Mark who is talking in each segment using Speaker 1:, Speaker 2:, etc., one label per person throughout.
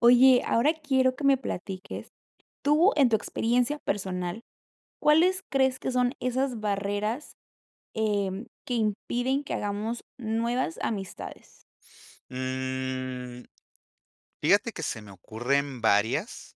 Speaker 1: Oye, ahora quiero que me platiques, ¿tú, en tu experiencia personal, cuáles crees que son esas barreras, em, que impiden que hagamos nuevas amistades?
Speaker 2: Mm, fíjate que se me ocurren varias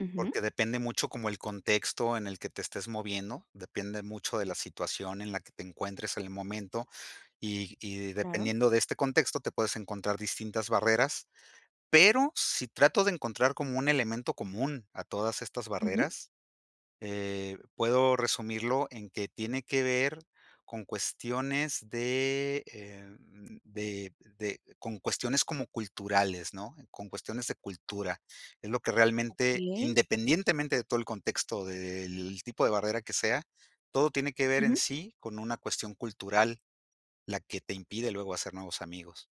Speaker 1: Ujú.
Speaker 2: porque depende mucho como el contexto en el que te estés moviendo, depende mucho de la situación en la que te encuentres en el momento, y y
Speaker 1: Claro.
Speaker 2: dependiendo de este contexto, te puedes encontrar distintas barreras, pero, si trato de encontrar como un elemento común a todas estas
Speaker 1: Ujú.
Speaker 2: barreras, eh, puedo resumirlo en que tiene que ver con cuestiones de, em, de de con cuestiones como culturales, ¿no?, con cuestiones de cultura, es lo que realmente,
Speaker 1: Okey.
Speaker 2: independientemente de todo el contexto, del tipo de barrera que sea, todo tiene que ver en
Speaker 1: Ujú.
Speaker 2: sí con una cuestión cultural, la que te impide luego hacer nuevos amigos.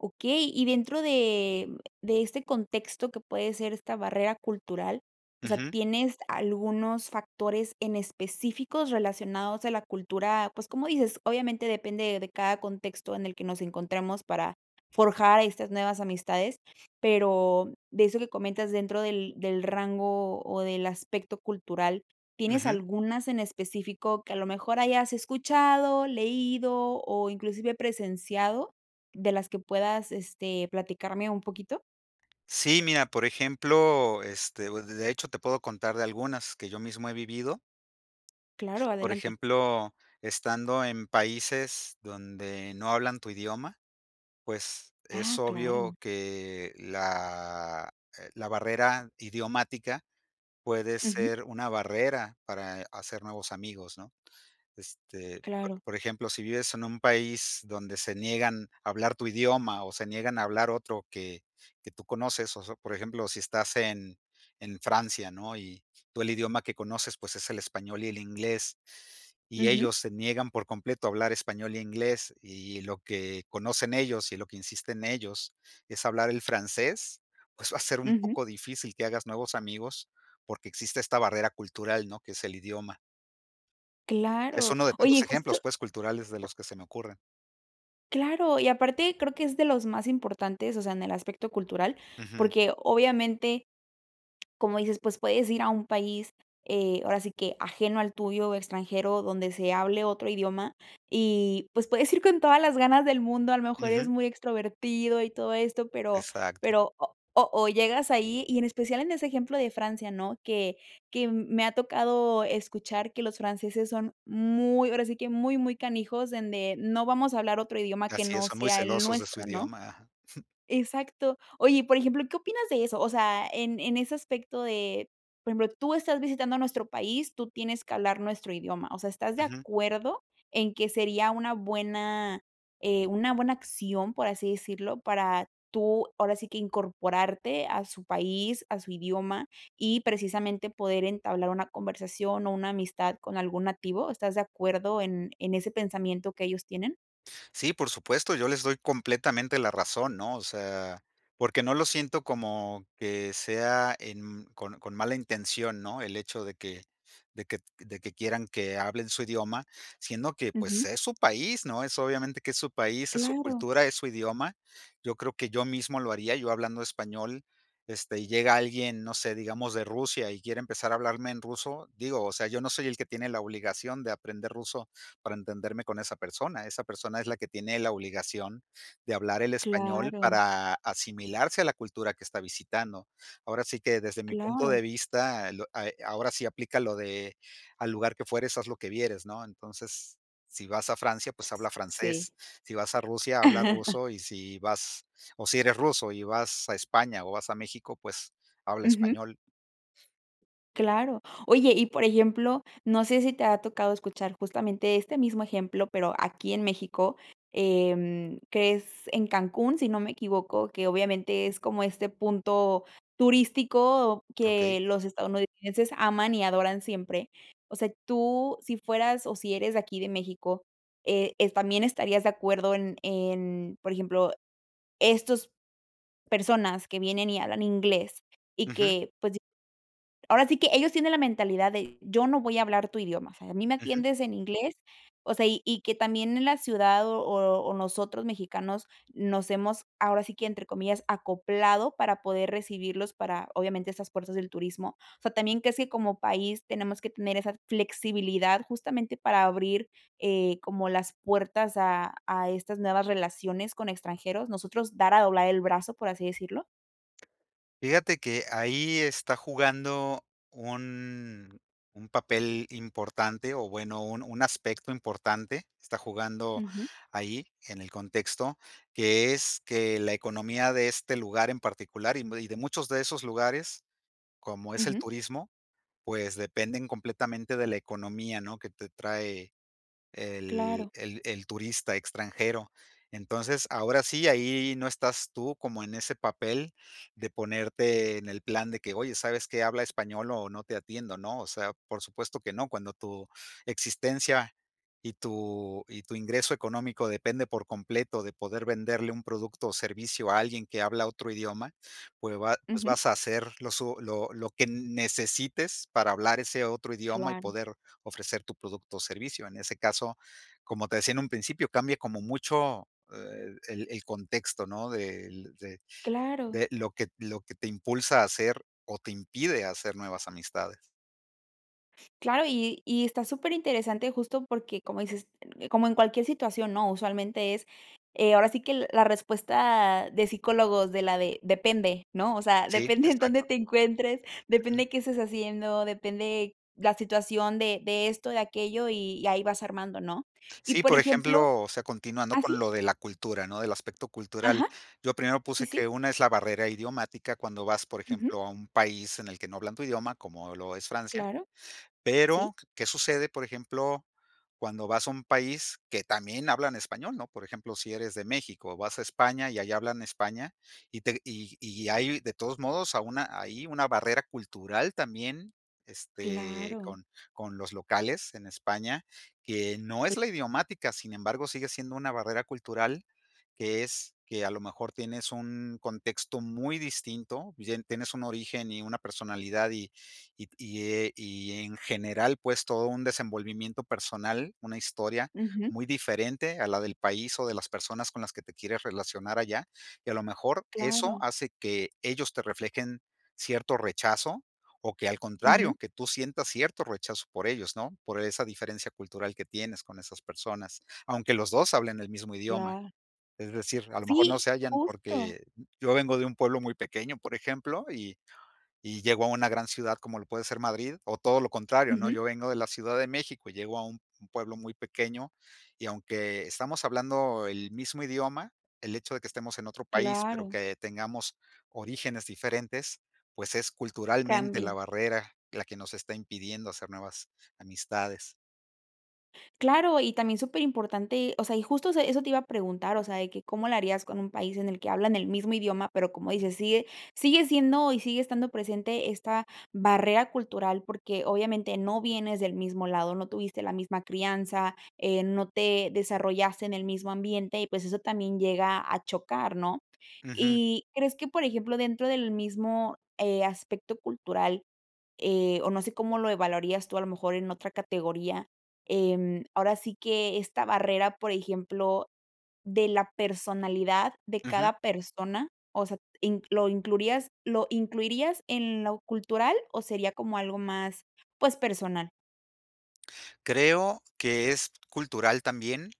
Speaker 1: Okey, y dentro de de este contexto que puede ser esta barrera cultural, o sea,
Speaker 2: Ujú.
Speaker 1: ¿tienes algunos factores en específicos relacionados a la cultura?, pues, cómo dices, obviamente, depende de cada contexto en el que nos encontramos para forjar estas nuevas amistades, pero de eso que comentas dentro del del rango, o del aspecto cultural, ¿tienes
Speaker 2: Ujú.
Speaker 1: algunas en específico que, a lo mejor hayas escuchado, leído, o inclusive presenciado, de las que puedas, este, platicarme un poquito?
Speaker 2: Sí, mira, por ejemplo, este, o d de hecho te puedo contar de algunas que yo mismo he vivido.
Speaker 1: Claro,
Speaker 2: Por
Speaker 1: adelante.
Speaker 2: ejemplo, estando en países donde no hablan tu idioma, pues
Speaker 1: Ah,
Speaker 2: es
Speaker 1: claro.
Speaker 2: obvio que la, eh, la barrera idiomática puede
Speaker 1: Ujú.
Speaker 2: ser una barrera para hacer nuevos amigos, ¿no?, este, po
Speaker 1: Claro.
Speaker 2: por ejemplo, si vives en un país donde se niegan a hablar tu idioma, o se niegan a hablar otro que que tú conoces, o so por ejemplo, si estás en en Francia, ¿no?, y tú el idioma que conoces, pues, es el español y el inglés, y
Speaker 1: Ujú.
Speaker 2: ellos se niegan por completo a hablar español e inglés, y lo que conocen ellos, y lo que insisten ellos es hablar el francés, pues va a ser un
Speaker 1: Ujú.
Speaker 2: poco difícil que hagas nuevos amigos porque existe esta barrera cultural, ¿no?, que es el idioma. Es
Speaker 1: Claro.
Speaker 2: uno de
Speaker 1: Oye, y
Speaker 2: tantos
Speaker 1: justo
Speaker 2: ejemplos, pues, culturales de los que se me ocurren.
Speaker 1: Claro, y aparte creo que es de los más importantes, o sea, en el aspecto cultural,
Speaker 2: Ujú.
Speaker 1: porque, obviamente, como dices, pues, puedes ir a un país, eh, ahora sí que, ajeno al tuyo, extranjero, donde se hable otro idioma, y pues, puedes ir con todas las ganas del mundo, a lo mejor, eres
Speaker 2: Ujú.
Speaker 1: muy extrovertido y todo esto, pero
Speaker 2: Exacto.
Speaker 1: pero o o o llegas ahí, y en especial, en ese ejemplo de Francia, ¿no?, que que m me ha tocado escuchar que los franceses son muy, ahora sí que, muy, muy canijos, donde: "No vamos a hablar otro idioma que
Speaker 2: Así es,
Speaker 1: no
Speaker 2: son muy
Speaker 1: sea el
Speaker 2: celosos de su
Speaker 1: nuestro", ¿no?
Speaker 2: idioma.
Speaker 1: Exacto. Oye, y por ejemplo, ¿qué opinas de eso?, o sea, en en ese aspecto de, por ejemplo, tú estás visitando nuestro país, tú tienes que hablar nuestro idioma, o sea, ¿estás de
Speaker 2: Ujú.
Speaker 1: acuerdo en que sería una buena, eh, una buena acción, por así decirlo, para tú, ahora sí que, incorporarte a su país, a su idioma, y precisamente, poder entablar una conversación o una amistad con algún nativo? ¿Estás de acuerdo en en ese pensamiento que ellos tienen?
Speaker 2: Sí, por supuesto, yo les doy completamente la razón, ¿no?, o sea, porque no lo siento como que sea en con con mala intención, ¿no?, el hecho de que de que de que quieran que hablen su idioma, siendo que, pues,
Speaker 1: Ujú.
Speaker 2: es su país, ¿no?, es, obviamente, que es su país, es su
Speaker 1: Claro.
Speaker 2: cultura, es su idioma. Yo creo que yo mismo lo haría, yo hablando español, este, y llega alguien, no sé, digamos, de Rusia, y quiere empezar a hablarme en ruso, digo, o sea, yo no soy el que tiene la obligación de aprender ruso para entenderme con esa persona, esa persona es la que tiene la obligación de hablar el español
Speaker 1: Claro.
Speaker 2: para asimilarse a la cultura que está visitando. Ahora sí que, desde mi punto
Speaker 1: Claro.
Speaker 2: de vista, lo a eh, ahora sí aplica lo de: "Al lugar que fueres, haz lo que vieres", ¿no? Entonces, si vas a Francia, pues,
Speaker 1: S
Speaker 2: habla
Speaker 1: sí.
Speaker 2: francés, si vas a Rusia, habla ruso, y si vas o si eres ruso y vas a España, o vas a México, pues habla
Speaker 1: Ujú.
Speaker 2: español.
Speaker 1: Claro. Oye, y por ejemplo, no sé si te ha tocado escuchar justamente este mismo ejemplo, pero aquí en México, em, crees en Cancún, si no me equivoco, que obviamente es como este punto turístico
Speaker 2: Okey.
Speaker 1: que los estadounidenses aman y adoran siempre. O sea, tú, si fueras, o si eres de aquí de México, eh, ¿es también estarías de acuerdo en en? Por ejemplo, estos personas que vienen y hablan inglés, y
Speaker 2: Ujú.
Speaker 1: que, pues, ahora sí que ellos tienen la mentalidad de: "Yo no voy a hablar tu idioma", o sea, "a mí me
Speaker 2: Ujú.
Speaker 1: atiendes en inglés", o sea, y y que también en la ciudad, o o nosotros mexicanos nos hemos, ahora sí que entre comillas, "acoplado" para poder recibirlos para, obviamente, esas fuerzas del turismo. O sea, también, ¿crees que como país tenemos que tener esa flexibilidad, justamente para abrir, eh, como las puertas a a estas nuevas relaciones con extranjeros, nosotros dar a doblar el brazo, por así decirlo?
Speaker 2: Fíjate que, ahí está jugando un un papel importante, o bueno, un un aspecto importante, está jugando
Speaker 1: Ujú.
Speaker 2: ahí en el contexto, que es que la economía de este lugar en particular y y de muchos de esos lugares, como es el
Speaker 1: Ujú.
Speaker 2: turismo, pues, dependen completamente de la economía, ¿no?, que te trae el
Speaker 1: Claro.
Speaker 2: el el turista extranjero. Entonces, ahora sí, ahí no estás tú como en ese papel, de ponerte en el plan de que: "Oye, ¿sabes qué?, habla español o no te atiendo" ¿no?, o sea, por supuesto que no, cuando tu existencia y tu y tu ingreso económico depende por completo de poder venderle un producto o servicio a alguien que habla otro idioma, pues va pues
Speaker 1: Ujú.
Speaker 2: vas a hacer lo su lo lo que n necesites para hablar ese otro idioma y
Speaker 1: Claro.
Speaker 2: poder ofrecer tu producto o servicio. En ese caso, como te decía en un principio, cambie como mucho, eh, el el contexto, ¿no?, del de
Speaker 1: Claro.
Speaker 2: de lo que lo que te impulsa a hacer, o te impide hacer nuevas amistades.
Speaker 1: Claro, y y está super interesante justo porque, como dices, como en cualquier situación, ¿no? Usualmente es, eh, ahora sí que la respuesta de psicólogos de la de, depende, ¿no? O sea,
Speaker 2: Sí,
Speaker 1: depende en dónde
Speaker 2: exacto.
Speaker 1: te encuentres,
Speaker 2: Ujú.
Speaker 1: depende qué estés haciendo, depende la situación de de esto, de aquello, y y ahí vas armando, ¿no? Y
Speaker 2: Sí,
Speaker 1: por
Speaker 2: por
Speaker 1: ejemplo
Speaker 2: ejemplo, o sea, continuando
Speaker 1: ¿Ah,
Speaker 2: con
Speaker 1: sí?
Speaker 2: lo de la cultura, ¿no? Del aspecto cultural,
Speaker 1: Ajá,
Speaker 2: yo primero
Speaker 1: sí,
Speaker 2: puse
Speaker 1: sí.
Speaker 2: que una es la barrera idiomática cuando vas, por
Speaker 1: Ujú.
Speaker 2: ejemplo, a un país en el que no hablan tu idioma, como lo es Francia,
Speaker 1: Claro, sí.
Speaker 2: pero, ¿qué sucede, por ejemplo, cuando vas a un país que también hablan español? ¿No? Por ejemplo, si eres de México, vas a España y ahí hablan España, y te y y hay de todos modos a una ahí una barrera cultural también, este,
Speaker 1: Claro.
Speaker 2: con con los locales en España, que no
Speaker 1: E
Speaker 2: es la idiomática, sin embargo, sigue siendo una barrera cultural, que es que a lo mejor tienes un contexto muy distinto, y en tienes un origen y una personalidad, y y t y e en general, pues, todo un desenvolvimiento personal, una historia
Speaker 1: Ujú.
Speaker 2: muy diferente a la del país o de las personas con las que te quieres relacionar allá, y a lo mejor eso
Speaker 1: Claro.
Speaker 2: hace que ellos te reflejen cierto rechazo, o que al
Speaker 1: Ujú.
Speaker 2: contrario, que tú sientas cierto rechazo por ellos, ¿no?, por esa diferencia cultural que tienes con esas personas, aunque los 2 hablen el mismo idioma,
Speaker 1: Claro.
Speaker 2: es decir, a lo mejor no
Speaker 1: Sí,
Speaker 2: se hallan
Speaker 1: justo.
Speaker 2: porque yo vengo de un pueblo muy pequeño, por ejemplo, y y llego a una gran ciudad como lo puede ser Madrid, o todo lo contrario, ¿no?
Speaker 1: Ujú.
Speaker 2: Yo vengo de la Ciudad de México y llego a un pueblo muy pequeño, y aunque estamos hablando el mismo idioma, el hecho de que estemos en otro país, pero
Speaker 1: Claro.
Speaker 2: que tengamos orígenes diferentes, pues es culturalmente la
Speaker 1: Cambie.
Speaker 2: barrera, la que nos está impidiendo hacer nuevas amistades.
Speaker 1: Claro, y también superimportante, o sea, y justo eso eso te iba a preguntar, o sea, de que cómo la harías con un país en el que hablan el mismo idioma, pero, como dices, sigue sigue siendo, y sigue estando presente esta barrera cultural, porque obviamente no vienes del mismo lado, no tuviste la misma crianza, eh, no te desarrollaste en el mismo ambiente, y pues, eso también llega a chocar, ¿no?
Speaker 2: Ujú.
Speaker 1: Y crees que, por ejemplo, dentro del mismo, eh, aspecto cultural, eh, o, no sé cómo lo evaluarías tú, a lo mejor en otra categoría, eh, ahora sí que esta barrera, por ejemplo, de la personalidad de
Speaker 2: Ujú.
Speaker 1: cada persona, o sea, ¿in lo incluirías lo incluirías en lo cultural, o, sería como algo más pues, personal?
Speaker 2: Creo que es cultural también,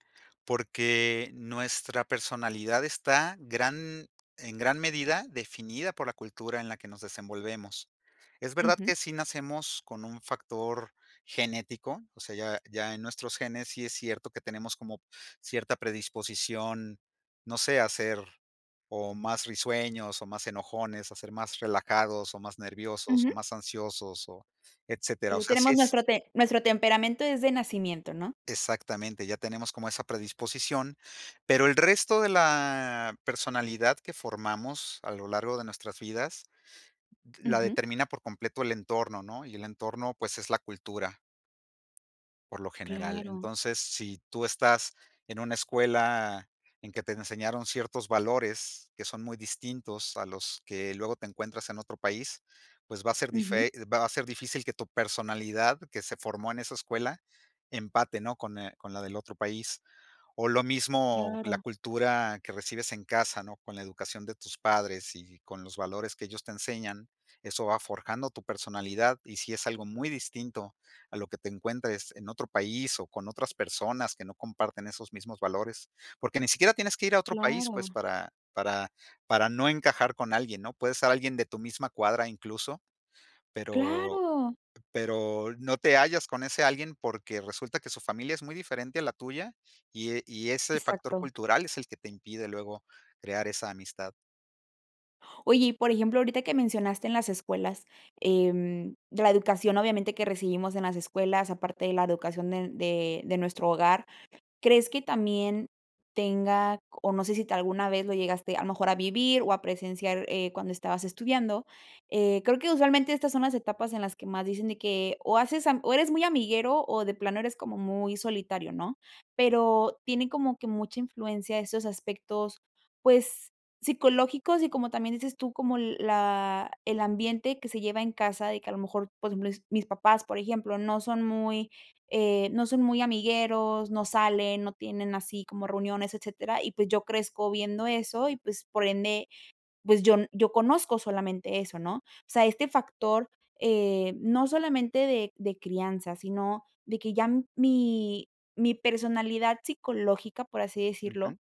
Speaker 2: porque nuestra personalidad está gran en gran medida, definida por la cultura en la que nos desenvolvemos. Es verdad
Speaker 1: Ujú.
Speaker 2: que sí nacemos con un factor genético, o sea, ya ya en nuestros genes sí es cierto que tenemos como cierta predisposición, no sé, a ser, o, más risueños, o, más enojones, a ser más relajados, o, más nerviosos, o,
Speaker 1: Ujú.
Speaker 2: más ansiosos, o, etcétera. O
Speaker 1: Eh,
Speaker 2: sea, sí
Speaker 1: tenemos
Speaker 2: es
Speaker 1: nuestro te nuestro temperamento es de nacimiento, ¿no?
Speaker 2: Exactamente, ya tenemos como esa predisposición, pero el resto de la personalidad que formamos a lo largo de nuestras vidas, la
Speaker 1: Ujú.
Speaker 2: determina por completo el entorno, ¿no? Y el entorno, pues, es la cultura por lo general.
Speaker 1: Claro.
Speaker 2: Entonces, si tú estás en una escuela en que te enseñaron ciertos valores que son muy distintos a los que luego te encuentras en otro país, pues, va a ser
Speaker 1: Ujú.
Speaker 2: dife va a ser difícil que tu personalidad que se formó en esa escuela, empate, ¿no?, con eh, con la del otro país, o, lo mismo la
Speaker 1: Claro.
Speaker 2: cultura que recibes en casa, ¿no? Con la educación de tus padres y con los valores que ellos te enseñan, eso va forjando tu personalidad, y sí es algo muy distinto a lo que te encuentres en otro país, o, con otras personas que no comparten esos mismos valores. Porque ni siquiera tienes que ir a otro país, pues,
Speaker 1: Claro.
Speaker 2: para para para no encajar con alguien, ¿no? Puedes ser alguien de tu misma cuadra incluso. Pero
Speaker 1: ¡Claro!
Speaker 2: pero no te hallas con ese alguien porque resulta que su familia es muy diferente a la tuya, y y ese factor
Speaker 1: Exacto.
Speaker 2: cultural es el que te impide luego crear esa amistad.
Speaker 1: Oye, y por ejemplo, ahorita que mencionaste en las escuelas, em, la educación obviamente que recibimos en las escuelas, aparte de la educación de n de de nuestro hogar, ¿crees que también tenga c? o no sé si te alguna vez lo llegaste, a lo mejor, a vivir o a presenciar, eh, cuando estabas estudiando, eh, creo que, usualmente, estas son las etapas en las que más dicen de que o haces am o eres muy amiguero, o de plano, eres como muy solitario, ¿no? Pero tienen como que mucha influencia esos aspectos, pues, psicológicos y, como también dices tú, como l la el ambiente que se lleva en casa, de que a lo mejor, pues, bles mis papás, por ejemplo, no son muy, eh, no son muy amigueros, no salen, no tienen así como reuniones, etcétera, y pues, yo crezco viendo eso, y pues, por ende, pues, yo n yo conozco solamente eso, ¿no? O sea, este factor, eh, no solamente de de crianza, sino de que ya m mi mi personalidad psicológica, por así decirlo,
Speaker 2: Ujú.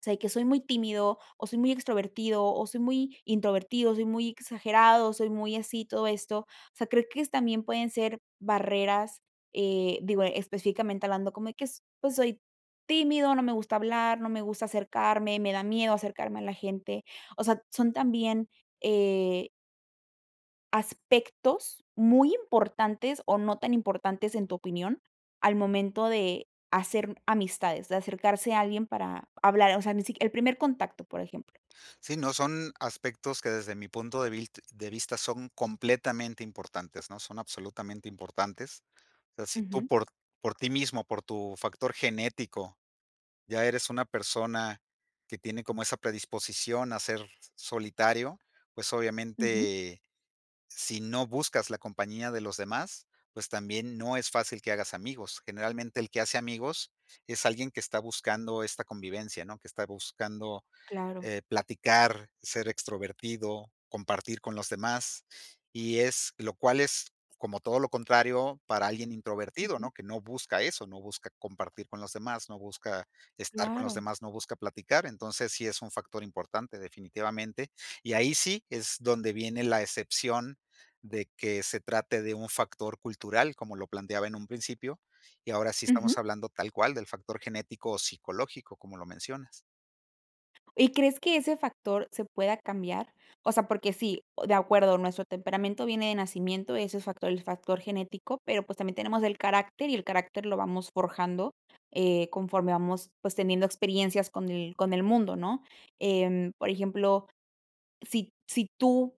Speaker 1: o sea de que soy muy tímido o soy muy extrovertido, o soy muy introvertido, soy muy exagerado, soy muy así, todo esto, o sea, creo que es también pueden ser barreras, eh, digo, específicamente hablando, como y que es, pues soy tímido, no me gusta hablar, no me gusta acercarme, me da miedo acercarme a la gente. O sea, son también, eh aspectos muy importantes o no tan importantes, en tu opinión, al momento de hacer, mm, amistades, de acercarse a alguien para hablar, o sea, ni si qui el primer contacto, por ejemplo.
Speaker 2: Sí, no son aspectos que, desde mi punto de vilt de vista, son completamente importantes, ¿no?, son absolutamente importantes. O sea, si tú
Speaker 1: Ujú.
Speaker 2: por por ti mismo, por tu factor genético, ya eres una persona que tiene como esa predisposición a ser solitario, pues,
Speaker 1: Ujú.
Speaker 2: obviamente, si no buscas la compañía de los demás, pues, también no es fácil que hagas amigos. Generalmente, el que hace amigos es alguien que está buscando esta convivencia, ¿no?, que está buscando,
Speaker 1: Claro.
Speaker 2: eh, platicar, ser extrovertido, compartir con los demás, y es lo cual es como todo lo contrario para alguien introvertido,
Speaker 1: Ujú.
Speaker 2: ¿no?, que no busca eso, no busca compartir con los demás, no busca estar con los
Speaker 1: Claro.
Speaker 2: demás, no busca platicar. Entonces, sí es un factor importante, definitivamente. Y ahí sí es donde viene la excepción de que se trate de un factor cultural, como lo planteaba en un principio. Y ahora sí
Speaker 1: Ujú.
Speaker 2: estamos hablando, tal cual, del factor genético o psicológico, como lo mencionas.
Speaker 1: ¿Y crees que ese factor se pueda cambiar? O sea, porque sí oh, de acuerdo, nuestro temperamento viene de nacimiento, ese es facto el factor genético, pero, pues, también tenemos el carácter, y el carácter lo vamos forjando, eh, conforme vamos, pues, teniendo experiencias con el con el mundo, ¿no? Em, por ejemplo, si t si tú,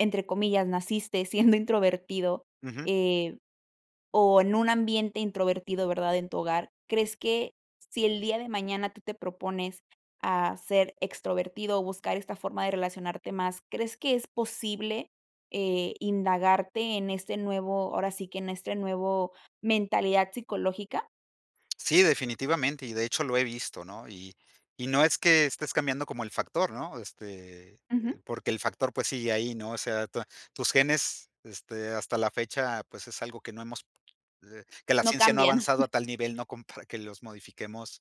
Speaker 1: entre comillas, "naciste siendo introvertido",
Speaker 2: Ujú.
Speaker 1: eh, o en un ambiente introvertido, ¿verdad?, en tu hogar, ¿crees que si el día de mañana tú te propones a ser extrovertido, o buscar esta forma de relacionarte más, crees que es posible, eh, indagarte en este nuevo, ahora sí que en este nuevo mentalidad psicológica?
Speaker 2: Sí, definitivamente. Y de hecho lo he visto, ¿no? Y y no es que estés cambiando como el factor, ¿no? Este,
Speaker 1: Ujú.
Speaker 2: porque el factor, pues, sigue ahí, ¿no? O sea, tua tus genes, este hasta la fecha pues es algo que no hemos eh, que la
Speaker 1: No
Speaker 2: ciencia no ha
Speaker 1: cambian.
Speaker 2: avanzado a tal nivel no compara que los modifiquemos,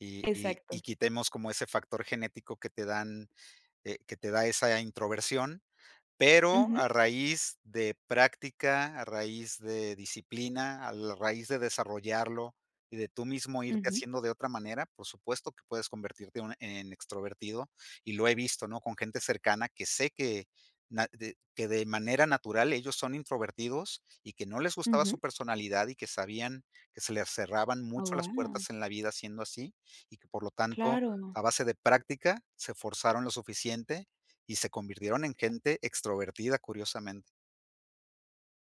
Speaker 2: y y y
Speaker 1: Exacto.
Speaker 2: quitemos como ese factor genético que te dan, eh, que te da esa introversión, pero
Speaker 1: Ujú.
Speaker 2: a raíz de práctica, a raíz de disciplina, al raíz de desarrollarlo y de tú mismo irte
Speaker 1: Ujú.
Speaker 2: haciendo de otra manera, por supuesto que puedes convertirte una en extrovertido, y lo he visto, ¿no? Con gente cercana que sé que nat de que de manera natural ellos son introvertidos y que no les gustaba
Speaker 1: Ujú.
Speaker 2: su personalidad y que sabían que se les cerraban
Speaker 1: Oh,
Speaker 2: mucho las
Speaker 1: wao.
Speaker 2: puertas en la vida siendo así, y que por lo tanto,
Speaker 1: Claro.
Speaker 2: a base de práctica, se forzaron lo suficiente y se convirtieron en gente extrovertida, curiosamente.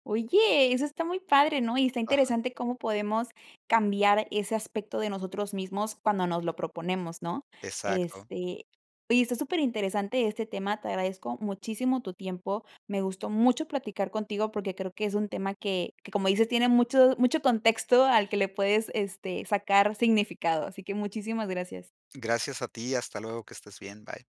Speaker 1: Oye eso está muy padre ¿no? Y está
Speaker 2: Ajá.
Speaker 1: interesante cómo podemos cambiar ese aspecto de nosotros mismos cuando nos lo proponemos ¿no?
Speaker 2: Exacto.
Speaker 1: Este, oye está superinteresante este tema, te agradezco muchísimo tu tiempo. Me gustó mucho platicar contigo porque creo que es un tema que que como dices, tiene mucho mucho contexto al que le puedes, este, sacar significado, así que muchísimas gracias.
Speaker 2: Gracias a ti, hasta luego, que estés bien, bye.